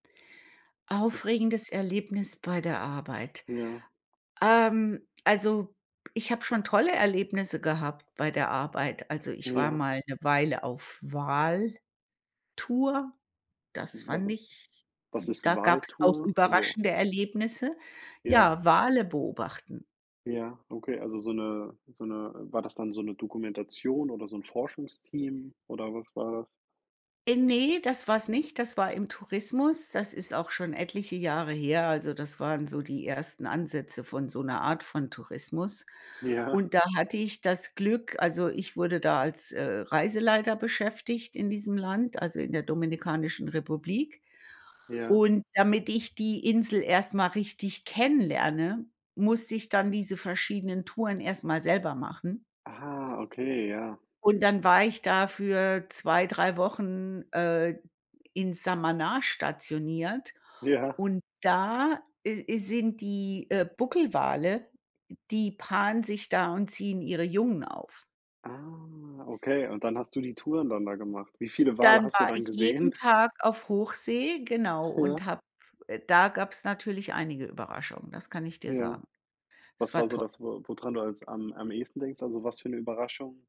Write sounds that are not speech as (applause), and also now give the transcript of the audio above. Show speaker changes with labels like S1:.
S1: (snorts)
S2: Aufregendes Erlebnis bei der Arbeit?
S1: Ja.
S2: Ähm, also, ich habe schon tolle Erlebnisse gehabt bei der Arbeit. Also, ich war
S1: Ja.
S2: mal 'ne Weile auf Wal-Tour, das fand
S1: (unintelligible)
S2: ich
S1: Was ist
S2: da gab's auch
S1: Wal-Tour? Also
S2: überraschende Erlebnisse.
S1: Ja.
S2: Ja, Wale beobachten.
S1: Ja, okay. Also so 'ne so 'ne, äh, war das dann so 'ne Dokumentation oder so 'n Forschungsteam oder was war das?
S2: Äh, ne, das war's nicht, das war im Tourismus. Das ist auch schon etliche Jahre her, also das waren so die ersten Ansätze von so 'ner Art von Tourismus
S1: Ja.
S2: und da hatte ich das Glück also ich wurde da als, äh, Reiseleiter beschäftigt in diesem Land, also in der Dominikanischen Republik,
S1: Ja.
S2: und damit ich die Insel erst mal richtig kennenlerne, musste ich dann diese verschiedenen Touren erst mal selber machen.
S1: Ah, okay, ja.
S2: Und dann war ich da für 2, 3 Wochen, äh, in Samana stationiert
S1: Ja.
S2: und da i sind die, äh, Buckelwale, die paaren sich da und ziehen ihre Jungen auf.
S1: Ah, okay und dann hast du die Touren dann da gemacht. Wie viele Wale
S2: Dann
S1: hast du
S2: war
S1: dann
S2: ich jeden
S1: gesehen? (snorts)
S2: Tag auf Hochsee, genau,
S1: (unintelligible)
S2: und habe äh, da gab's natürlich einige Überraschungen, das kann ich dir
S1: Ja.
S2: sagen. Es
S1: Was war
S2: war
S1: so
S2: toll.
S1: das, wo wodran du als am am ehesten denkst? Also, was für 'ne Überraschung?